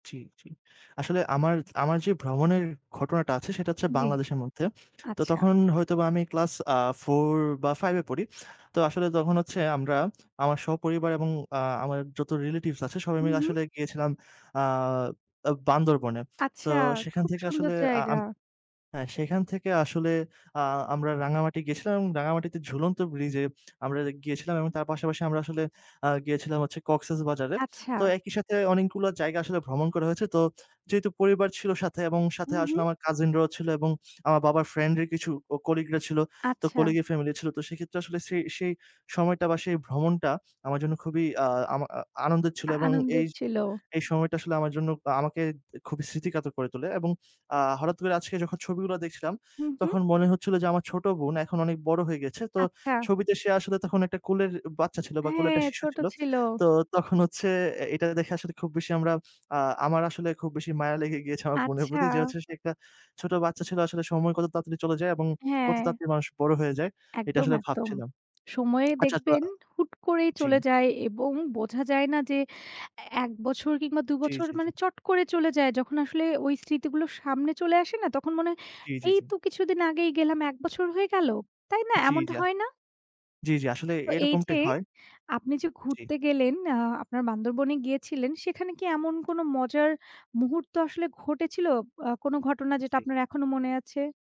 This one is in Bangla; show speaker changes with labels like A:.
A: জ্বি, জ্বি। আসলে আমার, আমার যে, ভ্রমণের ঘটনাটা আছে সেটা হচ্ছে
B: জ্বী।
A: বাংলাদেশের মধ্যে। তো
B: আচ্ছা।
A: তখন হয়তোবা আমি ক্লাস আ ৪ বা ৫ এ পড়ি। তো আসলে তখন হচ্ছে আমরা; আমার সপরিবার এবং আ আমার যত রিলেটিভস আছে সবাই
B: হম,
A: মিলে
B: হম।
A: আসলে গিয়েছিলাম আ আ বান্দরবনে। সো,
B: আচ্ছা,
A: সেখান
B: খুব
A: থেকে
B: সুন্দর
A: আসলে আ
B: জায়গা।
A: আম হ্যাঁ, সেখান থেকে আসলে আ আমরা রাঙামাটি গেছিলাম, রাঙ্গামাটিতে ঝুলন্ত ব্রিজে আমরা গিয়েছিলাম এবং তার পাশাপাশি আমরা আসলে আ গিয়েছিলাম হচ্ছে কক্সেসবাজারে। তো
B: আচ্ছা।
A: একইসাথে অনেকগুলা জায়গা আসলে ভ্রমণ করা হয়েছে। তো যেহেতু পরিবার ছিল সাথে এবং সাথে
B: হম,
A: আসলে
B: হম।
A: আমার কাজিনরাও ছিল এবং আমার বাবার ফ্রেন্ড এর কিছু ও কলিগরা ছিল। তো
B: আচ্ছা।
A: কলিগের ফ্যামিলি ছিল। তো সেক্ষেত্রে আসলে ছে সেই সময়টা বা সেই ভ্রমণটা খুবই আমার জন্য খুবই আ আমা আনন্দের ছিল।
B: আ
A: এবং
B: আনন্দের
A: এইয
B: ছিল।
A: এই সময়টা আসলে আমার জন্য আ আমাকে খুবই স্মৃতিকাতর করে তোলে। এবং আ হঠাৎ করে আজকে যখন ছবিগুলা দেখছিলাম,
B: হু, হুম।
A: তখন মনে হচ্ছিল যে, আমার ছোট বোন এখন অনেক বড় হয়ে গেছে। তো
B: আচ্ছা।
A: ছবিতে সে আসলে তখন একটা কোলের বাচ্চা ছিল বা কোলের
B: হ্যাঁ,
A: একটা শিশু
B: ছোট
A: ছিল।
B: ছিল।
A: তো তখন হচ্ছে এ এটা দেখে আসলে খুব বেশি আমরা আ আমার আসলে খুব বেশি মায়া লেগে গিয়েছে আমার বোনের
B: আচ্ছা।
A: প্রতি যে, হচ্ছে সে একটা ছোট বাচ্চা ছিল। আসলে সময় কত তাড়তাড়ি চলে যায় এবং কত
B: হ্যাঁ।
A: তাড়তাড়ি মানুষ বড় হয়ে যায়। এটা
B: একদম,
A: আসলে
B: একদম।
A: ভাবছিলাম।
B: সময়ে
A: আচ্ছা তোইয়া
B: দেখবেন হুট করেই
A: জ্বী।
B: চলে যায় এবং বোঝা যায় না যে, এ ১ বছর কিংবা দু,
A: জ্বী,
B: বছর
A: জ্বী,
B: মানে
A: জ্বী।
B: চট করে চলে যায় যখন আসলে ওই স্মৃতিগুলো সামনে চলে আসে না তখন মনে হয়,
A: জ্বী, জ্বী,
B: এই
A: জ্বী।
B: তো কিছুদিন আগেই গেলাম। ১ বছর হয়ে গেল? তাই না?
A: জ্বি,
B: এমনটা
A: জিয়া
B: হয় না?
A: জ্বী, জ্বী। আসলে
B: তো এই যে,
A: এরকমটাই হয়।
B: আপনি যে,
A: জি,
B: ঘুরতে গেলেন আ আপনার বান্দরবনে গিয়েছিলেন সেখানে কি এমন কোন মজার মুহূর্ত আসলে ঘটেছিল আ কোন ঘটনা যেটা
A: জি,
B: আপনার এখনো মনে আছে?